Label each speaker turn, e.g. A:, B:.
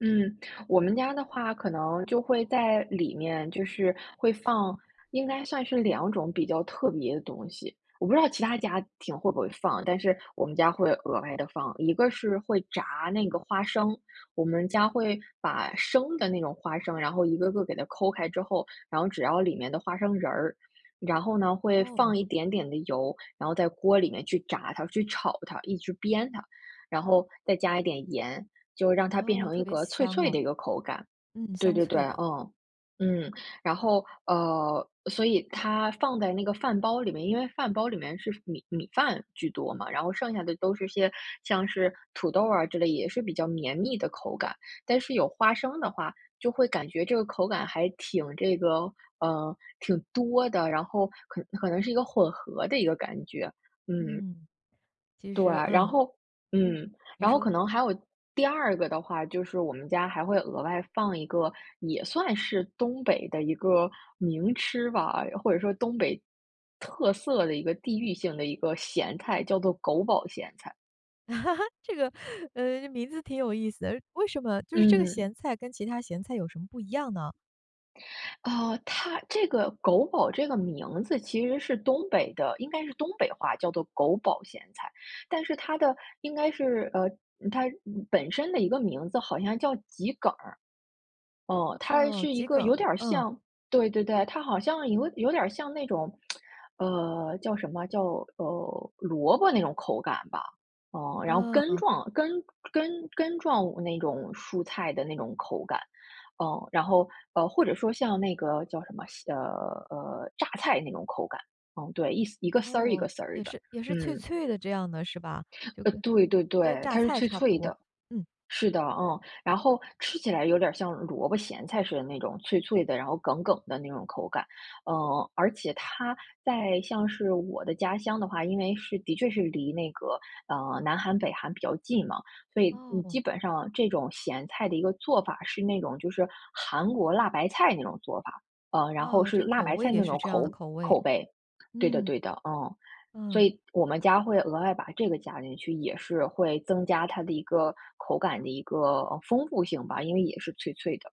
A: 嗯，我们家的话可能就会在里面，就是会放应该算是两种比较特别的东西，我不知道其他家庭会不会放，但是我们家会额外地放。一个是会炸那个花生，我们家会把生的那种花生，然后一个个给它抠开之后，然后只要里面的花生仁儿，然后呢，会
B: 哦。
A: 放一点点的油，然后在锅里面去炸它，去炒它，一直煸它，然后再加一点盐，就让它变
B: 哦，
A: 成
B: 特
A: 一
B: 别
A: 个脆
B: 香
A: 脆
B: 哦。
A: 的一个口感。
B: 嗯，
A: 对
B: 香
A: 对对，
B: 脆的。
A: 呃，嗯，然后呃，所以它放在那个饭包里面因为饭包里面是米米饭居多嘛，然后剩下的都是些像是土豆儿啊之类，也是比较绵密的口感，但是有花生的话就会感觉这个口感还挺这个嗯，挺多的，然后可可能是一个混合的一个感觉，嗯。
B: 嗯，其
A: 对，
B: 实
A: 然
B: 嗯，
A: 后
B: 嗯，
A: 嗯，
B: 你
A: 然后
B: 说。
A: 可能还有第二个的话就是我们家还会额外放一个也算是东北的一个名吃吧，或者说东北特色的一个地域性的一个咸菜，叫做“狗宝咸菜”。
B: 这个呃，名字挺有意思的，为什么就是这个
A: 嗯。
B: 咸菜跟其它咸菜有什么不一样呢？
A: 呃，它这个“狗宝”这个名字其实是东北的，应该是东北话，叫做“狗宝咸菜”，但是它的应该是呃，它本身的一个名字好像叫桔梗儿。哦，它
B: 哦，
A: 是一
B: 桔
A: 个
B: 梗，
A: 有点儿
B: 嗯。
A: 像对对对，它好像有有点儿像那种，呃，叫什么，叫呃，萝卜那种口感吧，嗯，然后根
B: 嗯。
A: 状根根根状那种蔬菜的那种口感，嗯，然后呃，或者说像那个，叫什么，呃，呃，榨菜那种口感，嗯，对，一丝一个丝儿，一个
B: 哦，
A: 丝儿
B: 也
A: 的，
B: 是也是脆
A: 嗯。
B: 脆的这样的，是吧？就
A: 呃，
B: 跟
A: 对，对，
B: 跟
A: 对，
B: 榨
A: 它是
B: 菜
A: 脆
B: 差不
A: 脆
B: 多，
A: 的。
B: 嗯。
A: 是的，嗯，然后吃起来有点儿像萝卜咸菜似的那种脆脆的，然后梗梗的那种口感，嗯，而且它在像是我的家乡的话，因为是的确是离那个，啊，南韩、北韩比较近嘛，所以你
B: 哦。
A: 基本上这种咸菜的一个做法是那种就是韩国辣白菜那种做法。嗯，然后
B: 啊，
A: 是
B: 这
A: 辣
B: 口
A: 白
B: 味
A: 菜
B: 也
A: 那
B: 是
A: 种
B: 这样的
A: 口
B: 口味，
A: 口味。对的，
B: 嗯。
A: 对的，嗯。所
B: 啊。
A: 以我们家会额外把这个加进去，也是会增加它的一个口感的一个丰富性吧，因为也是脆脆的。